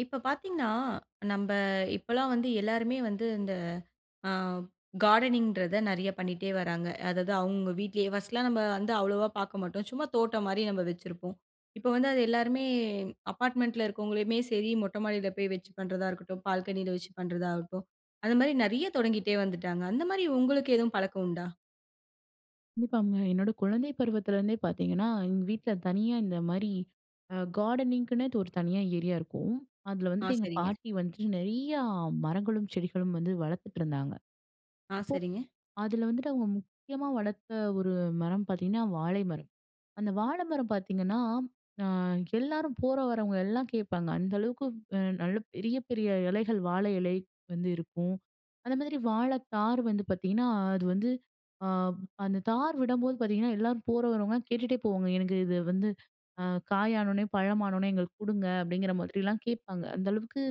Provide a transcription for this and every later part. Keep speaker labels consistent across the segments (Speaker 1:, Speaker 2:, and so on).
Speaker 1: இப்ப பார்த்தீங்னா, நம்ம இப்போலாம் வந்து எல்லாருமே வந்து, இந்த ஆ கார்டனிங்ன்றத நிறைய பண்ணிட்டே வராங்க. அதாவது அவங்க அவங்க வீட்டிலேயே. ஃபர்ஸ்ட்டுலாம் நம்ம வந்து அவ்வளோவா பார்க்க மாட்டோம். சும்மா தோட்டம் மாரி நம்ம வச்சிருப்போம். இப்போ வந்து அது எல்லாருமே அப்பார்ட்மெண்ட்டில இருக்கவங்களுமே சரி, மொட்டை மாடியில போய் வச்சு பண்றதா இருக்கட்டும். பால்கனியில வச்சு பண்ணுறதாகட்டும். அதுமாரி நிறைய தொடங்கிட்டே வந்துட்டாங்க. அந்த மாதிரி உங்களுக்கு எதுவும் பழக்கம் உண்டா?
Speaker 2: இப்பாங்க என்னோட குழந்தை பருவத்திலேருந்தே பார்த்தீங்கன்னா, எங்க வீட்ல தனியா இந்த மாரி அ கார்டனிங்கின்னே ஒரு தனியா ஏரியா இருக்கும். அதில
Speaker 1: ஆ,
Speaker 2: வந்துட்டு எங்க
Speaker 1: சரிங்க.
Speaker 2: பாட்டி வந்துட்டு, நிறையா மரங்களும், செடிகளும் வந்து வளர்த்துட்டு இருந்தாங்க.
Speaker 1: ஆ,
Speaker 2: அப்போ,
Speaker 1: சரிங்க.
Speaker 2: அதில வந்துட்டு அவங்க முக்கியமா வளர்த்த ஒரு மரம் பார்த்தீங்கன்னா, வாழை மரம். அந்த வாழ மரம் பார்த்தீங்கன்னா, ஆ எல்லாரும் போற வரவங்க எல்லாம் கேப்பாங்க. அந்த அளவுக்கு நல்ல பெரிய பெரிய இலைகள், வாழை இலை வந்து இருக்கும். அந்த மாரி வாழை தார் வந்து பார்த்தீங்கன்னா, அது வந்து அ அந்த தார் விடம்போது பார்த்தீங்கன்னா, எல்லாரும் போற வரவங்கலாம் கேட்டுட்டே போவாங்க. எனக்கு இது வந்து அ காய் ஆனோனே, பழம் ஆனோனே எங்களுக்கு கொடுங்க. அப்படிங்கிற மாதிரிலாம் கேட்பாங்க. அந்த அளவுக்கு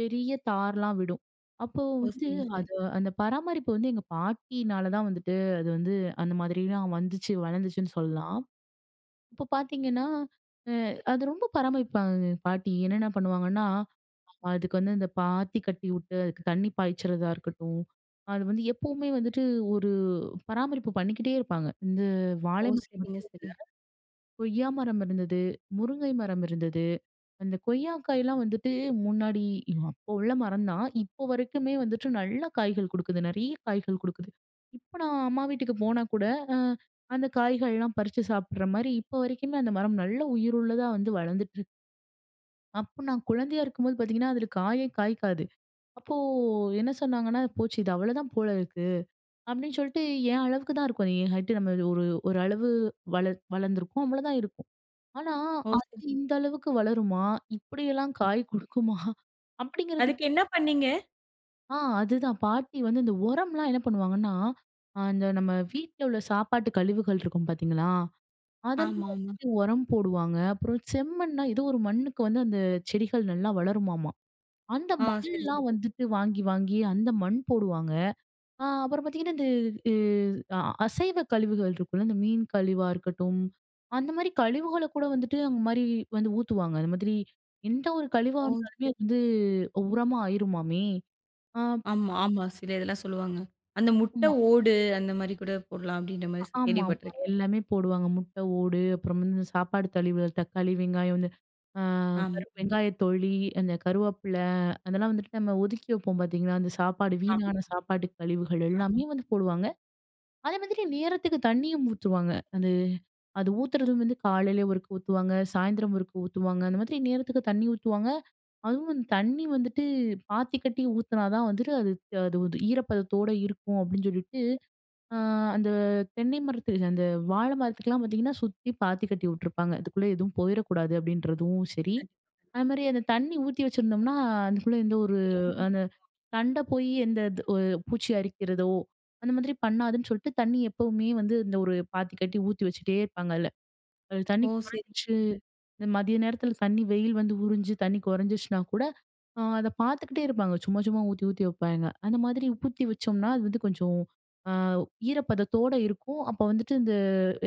Speaker 2: பெரிய தார்லாம் விடும். அப்போ
Speaker 1: ஓ!
Speaker 2: வந்து
Speaker 1: சரி, சரி.
Speaker 2: அது அந்த பராமரிப்பு வந்து எங்க பாட்டினால தான் வந்துட்டு, அது வந்து அந்த மாதிரிலாம் வந்துச்சு, வளர்ந்துச்சுன்னு சொல்லலாம். இப்ப பார்த்தீங்கன்னா, அ அது ரொம்ப பராமரிப்பாங்கங்க எங்க பாட்டி. என்னன்ன பண்ணுவாங்கன்னா, அ அதுக்கு வந்து இந்த பாத்தி கட்டி விட்டு, அதுக்கு தண்ணி பாய்ச்சிறதா இருக்கட்டும், அது வந்து எப்பவுமே வந்துட்டு ஒரு பராமரிப்பு பண்ணிக்கிட்டே இருப்பாங்க. இந்த,
Speaker 1: ஓ,
Speaker 2: வாழை மரம் மட்டும்
Speaker 1: சரிங்க சரிங்க.
Speaker 2: இல்ல, கொய்யா மரம் இருந்தது, முருங்கை மரம் இருந்தது. அந்த கொய்யா காய்லாம் வந்துட்டு, முன்னாடி அப்போ உள்ள மரம் தான். இப்போ வரைக்குமே வந்துட்டு நல்ல காய்கள் கொடுக்குது. நிறைய காய்கள் கொடுக்குது. இப்ப, நான் அம்மா வீட்டுக்கு போனா கூட, அ அந்த காய்கள்லாம் பறிச்சு சாப்பிடுற மாதிரி இப்ப வரைக்குமே, அந்த மரம் நல்ல உயிருள்ளதா வந்து வளர்ந்துட்டு இருக் அப்ப நான் குழந்தையா இருக்கும்போது பார்த்தீங்கன்னா, அதில காயே காய்க்காது. அப்போ என்ன சொன்னாங்கன்னா, போச்சு இது அவ்வளோதான் போல இருக்கு. அப்படின்னு சொல்லிட்டு என் அளவுக்கு தான் இருக்கும். என் ஹைட்டு நம்ம ஒரு ஒரு அளவு வளர் வளர்ந்துருக்கு. அவ்வளோதான் இருக்கும். ஆனா,
Speaker 1: ஓ, சரி.
Speaker 2: அது இந்த அளவுக்கு வளருமா? இப்படியெல்லாம் காய் கொடுக்குமா? அப்படிங்கிறது.
Speaker 1: அதுக்கு என்ன பண்ணீங்க?
Speaker 2: ஆ, அதுதான். பாட்டி வந்து இந்த உரம்லாம் என்ன பண்ணுவாங்கன்னா, ஆ இந்த நம்ம வீட்ல உள்ள சாப்பாட்டு கழிவுகள் இருக்கும் பார்த்தீங்களா, அதெல்லாம்
Speaker 1: ஆமாமா.
Speaker 2: வந்துட்டு உரம் போடுவாங்க. அப்புறம் செம்மண்னா ஏதோ ஒரு மண்ணுக்கு வந்து அந்த செடிகள் நல்லா வளருமாமா. அந்த
Speaker 1: ஆ,
Speaker 2: மண்
Speaker 1: சரி
Speaker 2: எல்லா
Speaker 1: சரி.
Speaker 2: வந்துட்டு வாங்கி, வாங்கி அந்த மண் போடுவாங்க. அ அப்புறம் பார்த்தீங்கன்னா, இந்த இ அ அசைவ கழிவுகள் இருக்குல்ல, இந்த மீன் கழிவா இருக்கட்டும், அந்த மாரி கழிவுகளை கூட வந்துட்டு அந்த மாரி வந்து ஊத்துவாங்க. அந்த மாதிரி, எந்த ஒரு கழிவா
Speaker 1: ஓ!
Speaker 2: இருந்தாலுமே
Speaker 1: சரி.
Speaker 2: வந்து உரமா ஆயிருமாமே? ஆ.
Speaker 1: ஆமா, ஆமா. சில இதெல்லாம் சொல்லுவாங்க. அந்த முட்டை
Speaker 2: ம்மா
Speaker 1: ஓடு, அந்த மாரி கூட போடலாம். அப்படின்ற மாதிரி
Speaker 2: ஆமா, ஆமா.
Speaker 1: கேள்விப்பட்டிருக்கேன்.
Speaker 2: எல்லாமே போடுவாங்க. முட்டை ஓடு, அப்புறம் வந்து இந்த சாப்பாட்டு கழிவுகள் தக்காளி, வெங்காயம் வந்து அ கருவப்
Speaker 1: ஆமாங்க.
Speaker 2: வெங்காயத் தொழி, அந்த கருவேப்பிலை. அதெல்லாம் வந்துட்டு நம்ம ஒதுக்கி வைப்போம் பார்த்தீங்களா? அந்த சாப்பாடு
Speaker 1: ஆமாங்க
Speaker 2: வீணான சாப்பாட்டு கழிவுகள்
Speaker 1: ஆமா.
Speaker 2: எல்லாமே வந்து போடுவாங்க. அதே மாதிரி நேரத்துக்கு தண்ணியும் ஊத்துவாங்க. அது அது ஊத்துறதும் வந்து காலையில் ஒருக்க ஊத்துவாங்க. சாயந்தரம் ஒருக்க ஊத்துவாங்க. அந்த மாதிரி நேரத்துக்கு தண்ணி ஊத்துவாங்க. அதுவும் தண்ணி வந்துட்டு, பாத்தி கட்டி ஊத்துனா தான் வந்துட்டு, அது அது ஈரப்பதத்தோடு இருக்கும் அப்படின்னு சொல்லிட்டு, அ அந்த தென்னை மரத்துல அந்த வாழை மரத்துக்லாம் பார்த்தீங்கன்னா, சுத்தி பாத்தி கட்டி விட்டுருப்பாங்க. இதுக்குள்ள எதுவும் போயிறக்கூடாது, அப்படின்றதும் சரி.
Speaker 1: கண்டிப்பா. கண்டி
Speaker 2: அதே மாதிரி அந்த தண்ணி ஊத்தி வச்சிருந்தோம்னா அதுக்குள்ள இந்த ஒரு,
Speaker 1: தேங்கி
Speaker 2: அந்த
Speaker 1: இருக்கும்
Speaker 2: தண்ட போய், எந்த த் ஒரு பூச்சி அரிக்கிறதோ, அந்த மாதிரி பண்ணாதுன்னு சொல்லிட்டு தண்ணி எப்பவுமே வந்து, இந்த ஒரு பாத்தி கட்டி ஊத்தி வச்சிட்டே இருப்பாங்கல்ல. அது தண்ணி
Speaker 1: ஓ, சரி.
Speaker 2: குறைஞ்ச்சு,
Speaker 1: ம்.
Speaker 2: இந்த மதிய நேரத்தில தண்ணி வெயில் வந்து உறிஞ்சு தண்ணி குறைஞ்சிச்சுனா கூட, அதை பார்த்துக்கிட்டே இருப்பாங்க. சும்மா சும்மா ஊத்தி ஊத்தி வப்பாங்க. அந்த மாரி ஊத்தி வச்சோம்னா, அது வந்து கொஞ்சம் அ ஈரப்பதத்தோடு இருக்கும். அப்ப வந்துட்டு இந்த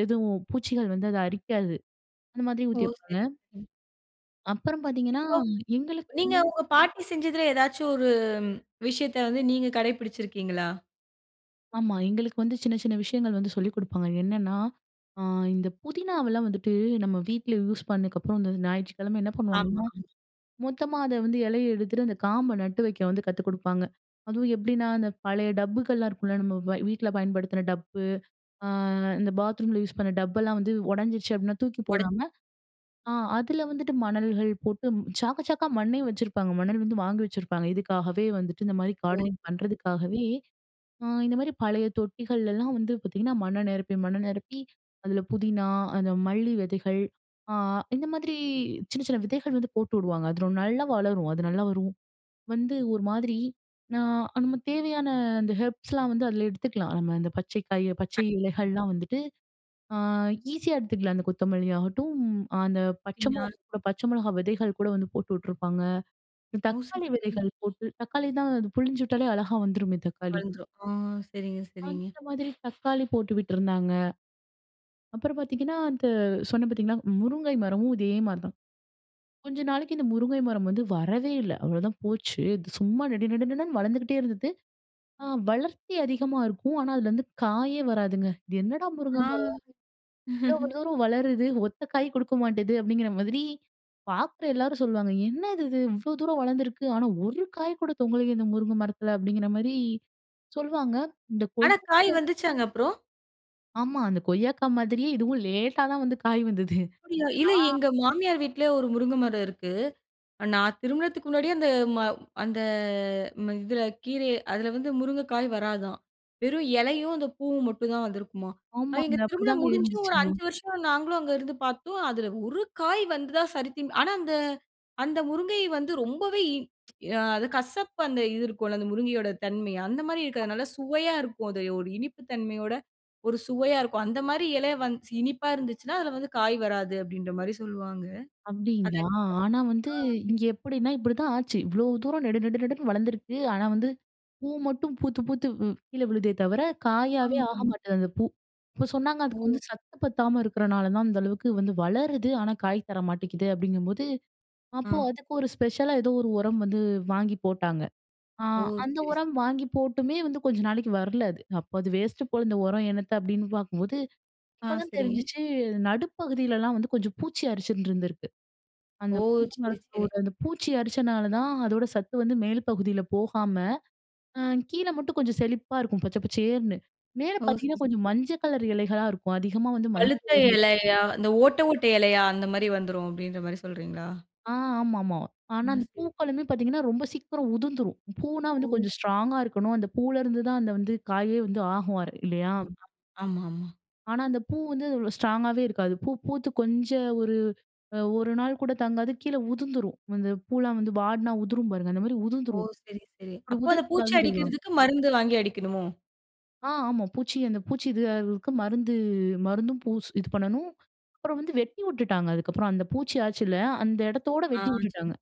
Speaker 2: எதுவும் பூச்சிகள் வந்து அதை அரிக்காது. அந்த மாரி
Speaker 1: ஓ,
Speaker 2: ஊத்தி வப்பாங்க.
Speaker 1: சரி. ம்.
Speaker 2: அப்புறம் பாத்தீங்கன்னா,
Speaker 1: இப்போ
Speaker 2: எங்களுக்கு
Speaker 1: நீங்க உங்க பாட்டி செஞ்சதுல, ஏதாவது ஒரு விஷயத்த வந்து நீங்க கடைபிடித்து இருக்கிறீங்களா?
Speaker 2: ஆமா. எங்களுக்கு வந்து சின்ன, சின்ன விஷயங்கள் வந்து சொல்லிக் குடுப்பாங்க. என்னன்னா, அ இந்த புதினாவெல்லாம் வந்துட்டு நம்ப வீட்டுல யூஸ் பண்ணதுக்கு அப்புறம், இந்த ஞாயிற்றுக்கிழமை என்ன
Speaker 1: ஆமா.
Speaker 2: பண்ணுவாங்கன்னா,
Speaker 1: ஆமா.
Speaker 2: மொத்தமா அத வந்து இலைய எடுத்துட்டு அந்த காம்ப நட்டு வைக்க வந்து கத்து குடுப்பாங்க. அதுவும் எப்படின்னா, அந்த பழைய டப்புகள்லாம் இருக்கும்ல நம்ப வ வீட்டுல பயன்படுத்துன டப்பு, அ இந்த பாத்ரூம்ல யூஸ் பண்ண டப்பெல்லாம் வந்து உடைஞ்சிடுச்சு அப்படின்னா தூக்கி
Speaker 1: உட
Speaker 2: போடாம, அ அதுல வந்துட்டு மணல்கள் போட்டு சாக்கு, சாக்கா மண்ணையும் வச்சிருப்பாங்க. மணல் வந்து வாங்கி வச்சிருப்பாங்க, இதுக்காகவே வந்துட்டு இந்த மாரி
Speaker 1: ஓ!
Speaker 2: கார்டனிங் பண்ணுறதுக்காகவே, அ இந்த மாரி பழைய தொட்டிகள்லலாம், வந்து பாத்தீங்கன்னா, மண்ண நிரப்பி, மண்ண நிரப்பி அதுல புதினா, அந்த மல்லி விதைகள். அ இந்த மாதிரி சின்ன, சின்ன விதைகள் வந்து போட்டுவுடுவாங்க. அது ரொ நல்லா வளரும். அது நல்லா வரும், வந்து ஒரு மாரி நான் நம்ப தேவையான அந்த ஹெர்ப்ஸ்லாம் வந்து அதுல எடுத்துக்கலாம். நம்ப இந்த பச்சை காய், பச்சை இலைகள்லாம் வந்துட்டு. அ ஈஸியா எடுத்துக்கலாம். அந்த கொத்தமல்லி ஆகட்டும், அந்த பச்சை
Speaker 1: [unintelligible]
Speaker 2: மிளகாய் கூட, பச்சை மிளகாய் விதைகள் கூட வந்து போட்டு விட்டுருப்பாங்க,
Speaker 1: ஓ! சரி,
Speaker 2: தக்காளி
Speaker 1: சரி.
Speaker 2: விதைகள் போட்டு தக்காளி தான் அது புழிஞ்சு விட்டாலே அழகா வந்துருமே தக்காளி.
Speaker 1: வளந்துரும் ஆ சரிங்க, சரிங்க.
Speaker 2: அந்த மாரி தக்காளி போட்டு விட்டுருந்தாங்க. அப்புறம் பாத்தீங்கன்னா அந்த சொன்னேன் பாத்தீங்களா முருங்கை மரமும் இதே மாரி தான். கொஞ்ச நாளைக்கு இந்த முருங்கை மரம் வந்து வரவே இல்ல, அவ்வளவுதான் போச்சு சும்மா நடு நடுடன்னு வளர்ந்துகிட்டே இருந்தது. ஆ வளர்ச்சி அதிகமா இருக்கும். ஆனா அதுல வந்து காயே வராதுங்க. இது என்னடா முருங்கை
Speaker 1: ஆ.
Speaker 2: மரம்? இவ்வளவு தூரம் வளருது ஒத்த காய் குடுக்கமாட்டுது அப்படிங்குற மாரி பாக்குற எல்லாரும் சொல்வாங்க. என்னது இது இவ்வளவு தூரம் வளர்ந்து இருக்கு, ஆனா ஒரு காய் கூட தொங்கலயே இந்த முருங்கை மரத்துல, அப்படிங்குற, மாரி சொல்வாங்க இந்த கொய்.
Speaker 1: ஆனா, காய்
Speaker 2: [unintelligible]
Speaker 1: வந்துச்சாங்க அப்புறம்?
Speaker 2: ஆமா. அந்த கொய்யாக்கா மாதிரியே, இதுவும் லேட்‌டா தான் வந்து காய் வந்தது.
Speaker 1: அப்பிடீயா. இல்ல,
Speaker 2: அ.
Speaker 1: எங்க மாமியார் வீட்ல ஒரு முருங்க மரம் இருக்கு. நான் திருமணத்துக்கு முன்னாடியே அந்த ம அந்த ம இதில கீரை, அதில வந்து முருங்கைக்காய் வராதாம். வெறும் இலையும், அந்த பூவும் மட்டும் தான் வந்திருக்குமாம். அது
Speaker 2: ஆமாங்க!
Speaker 1: எங்க திருமணம்
Speaker 2: அப்படித்தாங்க
Speaker 1: முடிஞ்சும்,
Speaker 2: இருந்துச்சு.
Speaker 1: ஒரு 5 வருஷம் நாங்களும் அங்க இருந்து பார்த்தோம். அதில ஒரு காய் வந்ததா சரித்திம் ஆனா அந்த அந்த முருங்கை வந்து ரொம்பவே இ ம் அது கசப்பு அந்த இது இருக்கும்ல, அந்த முருங்கையோட தன்மை. அந்த மாரி இருக்காது. அதுநல்ல
Speaker 2: ஆமா.
Speaker 1: சுவையா இருக்கும். அது ஒரு இனிப்பு தன்மையோட ஒரு சுவையா இருக்கும். அந்த மாரி எலை வந்துச்சு இனிப்பா இருந்துச்சுனா அதி்ல வந்து காய் வராது. அப்பிடீன்ற மாரி சொல்லுவாங்க. அது
Speaker 2: அப்பிடீங்களா.
Speaker 1: எனக்கு
Speaker 2: ஆனா வந்து
Speaker 1: ஆ.
Speaker 2: இங்கே எப்படின்னா இப்படிதான் ஆச்சு. இவ்வளோ தூரம் நெடு நெடு நெடுன்னு வளர்ந்திருக்கு. ஆனா வந்து பூ மட்டும் பூத்து பூத்து வ் கீழே விழுதே தவிர, காயாவே ஆக
Speaker 1: ஆமாமா.
Speaker 2: மாட்டேங்து, அந்த பூ. இப்போ சொன்னாங்க அதுக்கு வந்து
Speaker 1: ஓ!
Speaker 2: சத்து பத்தாம இருக்கிறனால தான், அந்த அளவுக்கு வந்து வளருது, ஆனா காய் தர மாட்டேங்குது, அப்பிடீங்கும்போது. அப்போ
Speaker 1: ஆ.
Speaker 2: அதுக்கு ஒரு ஸ்பெஷலா ஏதோ ஒரு உரம் வந்து வாங்கி போட்டாங்க. அ
Speaker 1: ஓ! சரி,
Speaker 2: அந்த
Speaker 1: சரி.
Speaker 2: உரம் வாங்கி போட்டுமே வந்து கொஞ்ச நாளைக்கு வரல அது. அப்போ "அது வேஸ்ட்டு போல, இந்த உரம் என்னத்த?" அப்பிடீன்னு பார்க்கும்போது,
Speaker 1: ஆ
Speaker 2: அப்பதான்
Speaker 1: சரிங்க.
Speaker 2: தெரிஞ்சுச்சு. நடுப்பகுதிலலாம் வந்து கொஞ்சம் பூச்சி அரிச்சிண்டிருந்திருக்கு.
Speaker 1: ஓ!
Speaker 2: அந்த பூக்களும்
Speaker 1: சரி, சரி.
Speaker 2: கூட அந்த பூச்சி அரிச்சனால தான் அதோட சத்து வந்து மேல் பகுதில போகாம, அ கீழே மட்டும் கொஞ்சம் செழிப்பா இருக்கும், பச்சை பச்சைசேருன்னு. மேல
Speaker 1: ஓ! சரி,
Speaker 2: பார்த்தீங்கன்னா,
Speaker 1: சரி
Speaker 2: கொஞ்சம் மஞ்சள் கலர் எலைகளா இருக்கும். அதிகமா வந்து
Speaker 1: பழுத்த
Speaker 2: மஞ்சள் இலைகள்
Speaker 1: இலையா, இந்த
Speaker 2: ஆமா. [unintelligible]
Speaker 1: ஓட்டை ஓட்டை இலையா, அந்த மாரி வந்துரும், அப்பிடீன்ற மாரி சொல்றீங்களா?
Speaker 2: ஆ ஆமாமா. ஆனா, அந்த
Speaker 1: [unintelligible]
Speaker 2: பூக்களுமே பார்த்தீங்கன்னா, ரொம்ப சீக்கிரம் உதிர்ந்துரும். பூன்னா
Speaker 1: ஓ!
Speaker 2: வந்து கொஞ்சம்
Speaker 1: செரி.
Speaker 2: ஸ்ட்ராங்கா இருக்கணும். அந்த பூவுல இருந்து தான், அந்த வந்து காயே வந்து ஆகுவாரு இல்லையா?
Speaker 1: கண்டிப்பா, ஆமாமா.
Speaker 2: ஆனா அந்த பூ வந்து அவ்வள ஸ்ட்ராங்காவே இருக்காது. பூ பூத்து கொஞ்ச ஒரு, அ 1 நாள் கூட தாங்காது கீழ உதுந்துரும். அந்த பூல்லாம் வந்து வாடுனா உதுரும் பாருங்க அந்த மாரி
Speaker 1: ஓ!
Speaker 2: உதுந்துரும்.
Speaker 1: சரி, சரி.
Speaker 2: அப்டி
Speaker 1: அப்ப அது பூச்சி
Speaker 2: உதுரக்கூடாதுன்னு சொல்வாங்க.
Speaker 1: அடிகிறதுக்கு மருந்து வாங்கி அடிக்கணுமோ?
Speaker 2: ஆ. ஆமா பூச்சி அந்த பூச்சி இதாகுறதுக்கு மருந்து மருந்தும் பூஸ் இது பண்ணணும். அப்பறம் வந்து வெட்டி விட்டுட்டாங்க அதுக்கப்றம். அந்த பூச்சி ஆச்சில, அந்த எடத்தோடு
Speaker 1: ஆ.
Speaker 2: வெட்டி
Speaker 1: சரி.
Speaker 2: விட்டுட்டாங்க.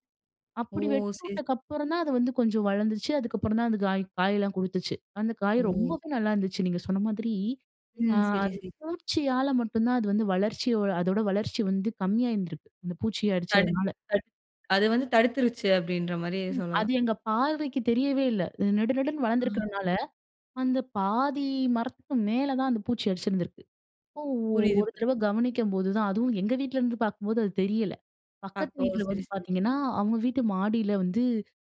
Speaker 1: ஓ!
Speaker 2: அப்டி வெட்டி
Speaker 1: சரி.
Speaker 2: விட்டக்கப்பறந்தான் அது வந்து கொஞ்சம் வளந்துச்சு, அதுக்கப்பறந்தான் அந்த காய் காயலாம் கொடுத்துச்சு. அந்த காய்
Speaker 1: ஓ!
Speaker 2: ரொம்பவே நல்லாயிருந்துச்சு நீங்க சொன்ன மாதிரி, ஆ
Speaker 1: ம். சரி, சரி.
Speaker 2: பூச்சியால மட்டுந்தான் அது வந்து வளர்ச்சியோ அதோட வளர்ச்சி வந்து கம்மியா இருந்துருக்கு அந்த பூச்சிய
Speaker 1: தடுக்
Speaker 2: அடிச்சதுனால.
Speaker 1: தடுக் அது வந்து தடுத்துருச்சு அப்டின்ற மாரி
Speaker 2: ம், அது
Speaker 1: சொல்லலாம்.
Speaker 2: எங்க பார்வைக்கு தெரியவே இல்ல. நெடு நெடுன்னு
Speaker 1: ம், சரி.
Speaker 2: வளந்துருக்கிறதுனால அந்த பாதி மரத்துக்கு மேல தான் அந்த பூச்சி அரிச்சிருந்திருக்கு. அப்போ
Speaker 1: புரியுது,
Speaker 2: ஒரு
Speaker 1: புரி.
Speaker 2: தடவ கவனிக்கும்போதுதான், அதுவும் எங்க வீட்ல இருந்து பாக்கும்போது அது தெரியல. பக்கத்து
Speaker 1: அப்போ
Speaker 2: வீட்ல
Speaker 1: சரி,
Speaker 2: வந்து
Speaker 1: சரி.
Speaker 2: பாத்திங்கன்னா, அவங்க வீட்டு மாடில வந்து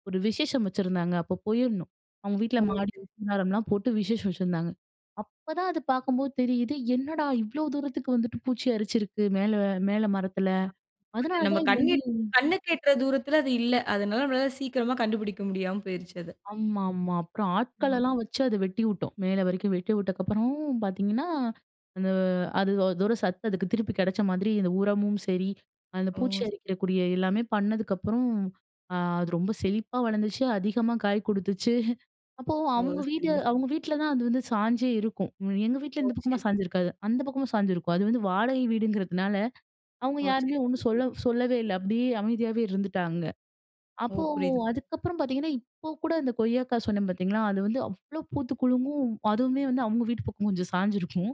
Speaker 2: ஒரு விசேஷம் வச்சிருந்தாங்க. அப்ப போயிருந்தோம் அவங்க வீட்ல மாடி
Speaker 1: ஓஹோ!
Speaker 2: [unintelligible] மரலாம் போட்டு விசேஷம் வச்சிருந்தாங்க. அப்பதான் அது பாக்கும்போது தெரியுது என்னடா? இவ்வளோ தூரத்துக்கு வந்துட்டு பூச்சி அரிச்சிருக்கு மேல மேல மரத்தில,
Speaker 1: அது நம்ம
Speaker 2: அதுனாலதான் இது
Speaker 1: கண்ணி
Speaker 2: வந்து
Speaker 1: கண்ணுக்கெற்ற தூரத்துல அது இல்ல. அதனால நம்மலாள சீக்கிரமா கண்டுபிடிக்க முடியாம போயிருச்சு அத.
Speaker 2: ஆமாமா, அப்றம்
Speaker 1: ம்ம.
Speaker 2: ஆட்கள்லாம் வச்சு அத வெட்டி விட்டோம். மேல வரைக்கும் வெட்டி விட்டக்கப்புறமும் பாத்தீங்கன்னா, இந்த அது அதோட சத்து அதுக்கு திருப்பி கெடைச்ச மாதிரி இந்த உரமும் சரி, அந்த
Speaker 1: ஓ!
Speaker 2: பூச்சி
Speaker 1: சரி.
Speaker 2: அரிக்கிறக்கூடிய எல்லாமே பண்ணதுக்கப்றம், அ அது ரொம்ப செழிப்பா வளந்துச்சு, அதிகமா காய் கொடுத்துச்சு. அப்போ
Speaker 1: ஓ!
Speaker 2: அவங்க வீடு
Speaker 1: சரிங்க சரி.
Speaker 2: அவங்க வீட்ல தான் அது வந்து சாஞ்சே இருக்கும். அ எங்க
Speaker 1: ஓ!
Speaker 2: வீட்ல இந்த பக்கமா
Speaker 1: சரி.
Speaker 2: சாஞ்சிருக்காது அந்த பக்கமா சாஞ்சிருக்கும். அது வந்து வாடகை வீடுங்றதுனால அவங்க
Speaker 1: ஓ! சரி
Speaker 2: யாருமே ஒண்ணு
Speaker 1: சரி.
Speaker 2: சொல்ல சொல்லவே இல்ல அப்டியே அமைதியாவே இருந்துட்டாங்க.
Speaker 1: ஓ!
Speaker 2: அப்போ
Speaker 1: புரியுதுங்.
Speaker 2: அதுக்கப்றம் பாத்தீங்கன்னா இப்போ கூட இந்த கொய்யாக்கா சொன்னேன் பாத்தீங்களா, அது வந்து அவ்ளோ பூத்து குலுங்கும், அதுமே வந்து அவங்க வீட்டு பக்கம் கொஞ்சம் சாஞ்சிருக்கும்.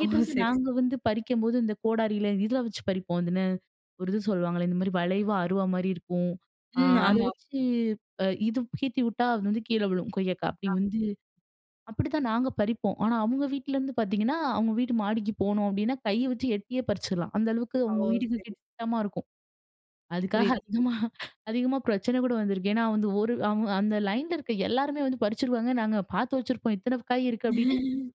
Speaker 1: ஓ! சரி சரி.
Speaker 2: நாங்க வந்து பறிக்கும்போது இந்த கோடாரில இத வச்சு பறிப்போம் இதுன்னு ஒரு இது சொல்வாங்களே? இந்த மாரி வளைவா அறுவா மாரி இருக்கும். ஆ
Speaker 1: ம்.
Speaker 2: அத
Speaker 1: ஆமா.
Speaker 2: வச்சு அ இது சீச்சி விட்டா அது வந்து கீழ விழும் கொய்யாக்கா அப்டி
Speaker 1: ஆமா.
Speaker 2: வந்து அப்டிதான் நாங்க பறிப்போம். ஆனா அவங்க வீட்லந்து பாத்தீங்கன்னா, அவங்க வீட்டு மாடிக்கு போணும் அப்டின்னா கைய வச்சி எட்டியே பறிச்சுரலாம். அந்த அளவுக்கு
Speaker 1: ஓ!
Speaker 2: அவங்க வீட்டுக்கு
Speaker 1: சரி, சரி.
Speaker 2: கிட்டமா இருக்கும். [unintelligible] அதுக்காக
Speaker 1: புரியுது, புரியுது.
Speaker 2: அதிகமா அதிகமா பிரச்சன கூட வந்திருக்கு. ஏனா, வந்து ஒரு அவுங்க அந்த லைன்‌ல இருக்ற எல்லாருமே வந்து பறிச்சுறுவாங்க நாங்க பாத்து வச்சிருப்போம் இத்தன காய் இருக்கு அப்டினு,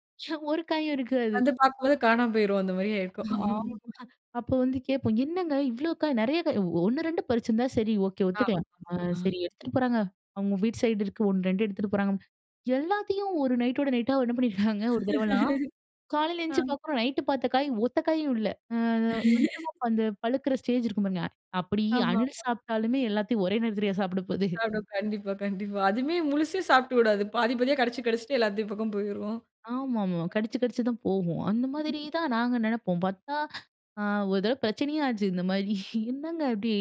Speaker 2: ஒரு காயும் இருக்காது.
Speaker 1: வந்து பாக்கும்போது காணாம போய்ரும், அந்த மாரி ஆயிருக்கும்.
Speaker 2: ஆமாமா. அப்போ வந்து கேப்போம் என்னங்க இவ்ளோ காய் நிறைய கா 1, 2 பறிச்சிருந்தா சரி, ஓகே. ஒத்துக்கலாம்.
Speaker 1: ஆமாமா
Speaker 2: அ
Speaker 1: அ.
Speaker 2: சரி எடுத்துட்டு போறாங்க, அவங்க வீட்டு சைடு இருக்கு 1, 2 எடுத்துட்டு போறாங்க எல்லாத்தையும் ஒரு நைட்டோட நைட்டா என்ன பண்ணிருக்காங்க ஒரு தடவலாம் காலைல
Speaker 1: ஆ.
Speaker 2: எந்திச்சி பாக்குறோம் நைட்‌டு பாத்த காய் ஒத்தக்காயும் இல்ல, ம் கொஞ்சமா அந்த பழுக்குற ஸ்டேஜ் இருக்கும் பாருங்க அப்படி அணில்
Speaker 1: ஆமாமா.
Speaker 2: சாப்ட்டாலுமே எல்லாத்தையு ஒரே நேரத்துலயா சாப்ட போகுது?
Speaker 1: [unintelligible] கண்டிப்பா கண்டிப்பா. அதுமே முழுசா சாப்ட்டுவிடாது. பாதி பாதியா கடிச்சு, கடிச்சுட்டு எல்லாத்து பக்கம் போயிருவான்.
Speaker 2: ஆமாமா, கடிச்சு கடிச்சு தான் போகும் அந்த மாதிரி தான் நாங்க நெனப்போம். பாத்தா, அ ஒரு தடவ பிரச்சனயே ஆச்சு இந்த மாரி என்னங்க இப்டி?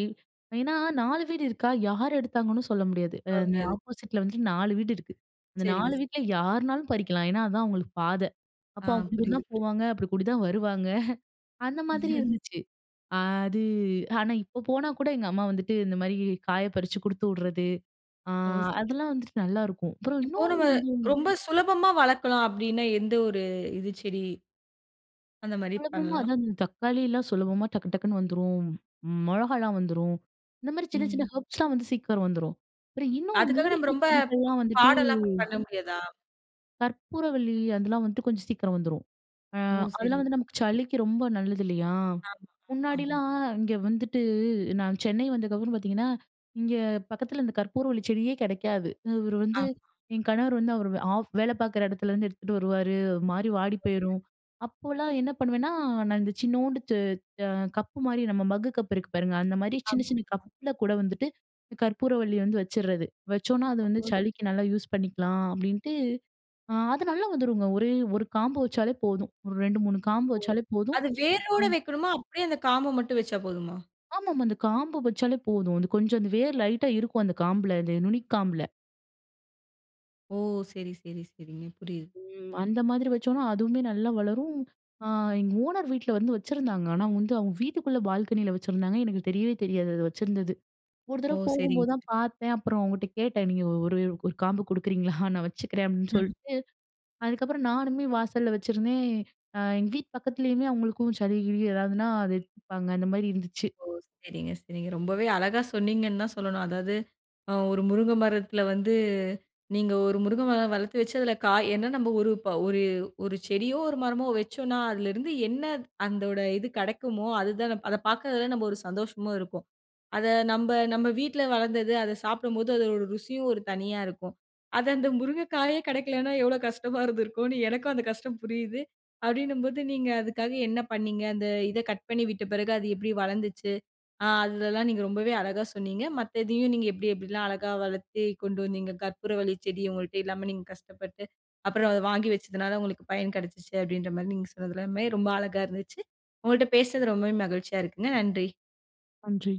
Speaker 2: ஏனா 4 வீடு இருக்கா யார் எடுத்தாங்கனு சொல்ல முடியாது. அ
Speaker 1: வர
Speaker 2: இந்த
Speaker 1: முடியாது.
Speaker 2: ஆப்போசிட் ல வந்துட்டு 4 வீடு இருக்கு. அந்த
Speaker 1: சரிங்க
Speaker 2: 4
Speaker 1: சரி.
Speaker 2: வீட்ல யார்னாலும் பறிக்கலாம் ஏனா அதான் அவங்களுக்கு பாத. அப்ப
Speaker 1: ஆ,
Speaker 2: அவங்க அப்டி கூடி
Speaker 1: புரியுது,
Speaker 2: தான்
Speaker 1: புரியுது.
Speaker 2: போவாங்க, அப்டி கூடி தான் வருவாங்க, அந்த மாதிரி இருந்துச்சு. அ அது ஆனா இப்போ போனா கூட எங்க அம்மா வந்துட்டு இந்த மாரி காய பறிச்சு குடுத்து விடுறது, அ
Speaker 1: ஓ! சரி.
Speaker 2: அதெல்லா வந்துட்டு நல்லாயிருக்கும் அப்றம்
Speaker 1: இப்போ,
Speaker 2: இன்னொன்னு
Speaker 1: நம்ம
Speaker 2: வந்து
Speaker 1: ரொம்ப சுலபமா வளர்க்கலாம் அப்டினா எந்த ஒரு இது செடி? அந்த மாரி
Speaker 2: சுலபமா
Speaker 1: பண்லாம்?
Speaker 2: அதான், அந்த தக்காளிலாம் சுலபமா டக்கு, டக்னு வந்துரும். மிளகாலாம் வந்துரும், இந்த மாரி சின்ன சின்ன
Speaker 1: ம்.
Speaker 2: ஹெர்ப்ஸ் லாம் வந்து சீக்ரம் வந்துரும். அப்றம் இன்னும்
Speaker 1: அதுக்காக நம்ம
Speaker 2: மூலிகை
Speaker 1: ரொம்ப ப்
Speaker 2: செடிகள்லாம் வந்துட்டு
Speaker 1: பாடலாம் ப் பண்ண முடியாதா?
Speaker 2: கற்பூரவள்ளி அதெல்லாம் வந்துட்டு கொஞ்சம் சீக்கிரம் வந்துரும். அ
Speaker 1: ஓ!
Speaker 2: அதெல்லாம்
Speaker 1: சரிங்க.
Speaker 2: வந்து நமக்கு சளிக்கு ரொம்ப நல்லது இல்லையா?
Speaker 1: ஆமா, ஆமா.
Speaker 2: முன்னாடிலாம் இங்க வந்துட்டு நான் சென்னை வந்ததுக்கப்புறம் பார்த்தீங்கன்னா, இங்க பக்கத்தில இந்த கற்பூரவள்ளி செடியே கிடைக்காது. இவரு வந்து
Speaker 1: ஆமாமா.
Speaker 2: என் கணவர் வந்து அவர் ஆஃப் வேல பார்க்குற இடத்துலருந்து எடுத்துட்டு வருவாரு. ஓரு மாரி வாடி
Speaker 1: [unintelligible]
Speaker 2: போயிரும். அப்போலாம் என்ன பண்ணுவேன்னா, நான் இந்த சின்னோண்டு த் அ கப்பு மாரி நம்ம மக்கு கப்பு இருக்கு பாருங்க. அந்த மாதிரி சின்ன சின்ன
Speaker 1: ஆமாமா.
Speaker 2: கப்ல கூட வந்துட்டு கற்பூரவள்ளி வந்து வச்சிடுறது. வச்சோன்னா, அது
Speaker 1: ஓ!
Speaker 2: வந்து
Speaker 1: சரி.
Speaker 2: சளிக்கு நல்லா யூஸ் பண்ணிக்கலாம் அப்படின்ட்டு. அ அது நல்லா வந்துருங்க. ஒரே 1 காம்பு வச்சாலே போதும். ஒரு 2, 3 காம்பு
Speaker 1: ஓ!
Speaker 2: வச்சாலே போதும்.
Speaker 1: அது
Speaker 2: அ.
Speaker 1: வேரோட வைக்கனுமா? அப்படியே அந்த காம்ப மட்டும் வச்சா போதுமா?
Speaker 2: ஆமாமா. அந்த காம்பு வச்சாலே போதும். அது கொஞ்சம் அந்த வேர் லைட்‌டா இருக்கும் அந்த காம்பில, இந்த நுனி காம்புல.
Speaker 1: ஓ! சரி, சரி. சரிங்க. புரியுது.
Speaker 2: ம். அந்த மாதிரி வச்சோன்னா அதுவுமே நல்லா வளரும். அ எங்க ஓனர் வீட்ல வந்து வச்சிருந்தாங்க. ஆனா வந்து அவங்க வீட்டுக்குள்ள பால்கனியில வச்சிருந்தாங்க. எனக்கு தெரியவே தெரியாது அது வச்சிருந்தது. ஒரு
Speaker 1: ஓ!
Speaker 2: தடவை போகும்போது தான்
Speaker 1: சரிங்க.
Speaker 2: பார்த்தேன். அப்புறம் அவங்ககிட்ட கேட்டேன் நீங்க ஒரு ஒரு காம்பு குடுக்குறீங்களா? நான் வச்சுக்கிறேன் அப்படின்னு சொல்லிட்டு, அதுக்கப்புறம் நானுமே வாசல்ல வச்சிருந்தேன். அ எங்க வீட்டு பக்கத்துலேயுமே அவங்களுக்கும் சளி, கிளி ஏதாவதுனா, அது எடுத்துப்பாங்க. அந்த மாரி இருந்துச்சு.
Speaker 1: ஓ! சரிங்க, சரிங்க. ரொம்பவே அழகா சொன்னிங்கன்னு தான் சொல்லணும். அதாவது அ ஒரு முருங்க மரத்தில வந்து நீங்க ஒரு முருங்கை மரம் வளர்த்து வச்சதில காய் என்ன நம்ம ஒரு ப ஒரு ஒரு செடியோ, ஒரு மரமோ வச்சோன்னா அதிலருந்து என்ன அந்தோட இது கிடைக்குமோ அதுதான் அத பார்க்கறதில நம்ம ஒரு சந்தோஷமு இருக்கும். அத நம்ப நம்ப வீட்ல வளர்ந்தது அத சாப்பிடும்போது அதோட ருசியும் ஒரு தனியா இருக்கும். அத அந்த முருங்கைக்காயே கிடைக்கலனா, எவ்ளோ கஷ்டமா இருந்திருக்கும்னு எனக்கும் அந்த கஷ்டம் புரியுது. அப்படின்னும்போது, நீங்க அதுக்காக என்ன பண்ணீங்க? அந்த இத கட் பண்ணி விட்ட பிறகு அது எப்படி வளர்ந்துச்சு? அ அதுதல்லாம் நீங்க ரொம்பவே அழகா சொன்னீங்க. மத்த இதையும் நீங்க எப்படி, எப்படிலாம் அழகா வளர்த்து கொண்டு வந்தீங்க? கற்பூரவள்ளி செடி உங்கள்ட்ட இல்லாம நீங்க கஷ்டப்பட்டு அப்புறம் அத வாங்கி வச்சதுனால, உங்களுக்கு பயன் கிடைச்சுச்சு அப்படின்ற மாரி நீங்க சொன்னது எல்லாமே ரொம்ப அழகா இருந்துச்சு. உங்கள்ட்ட பேசுனது ரொம்பவே மகிழ்ச்சியா இருக்குங்க. நன்றி.
Speaker 2: நன்றி.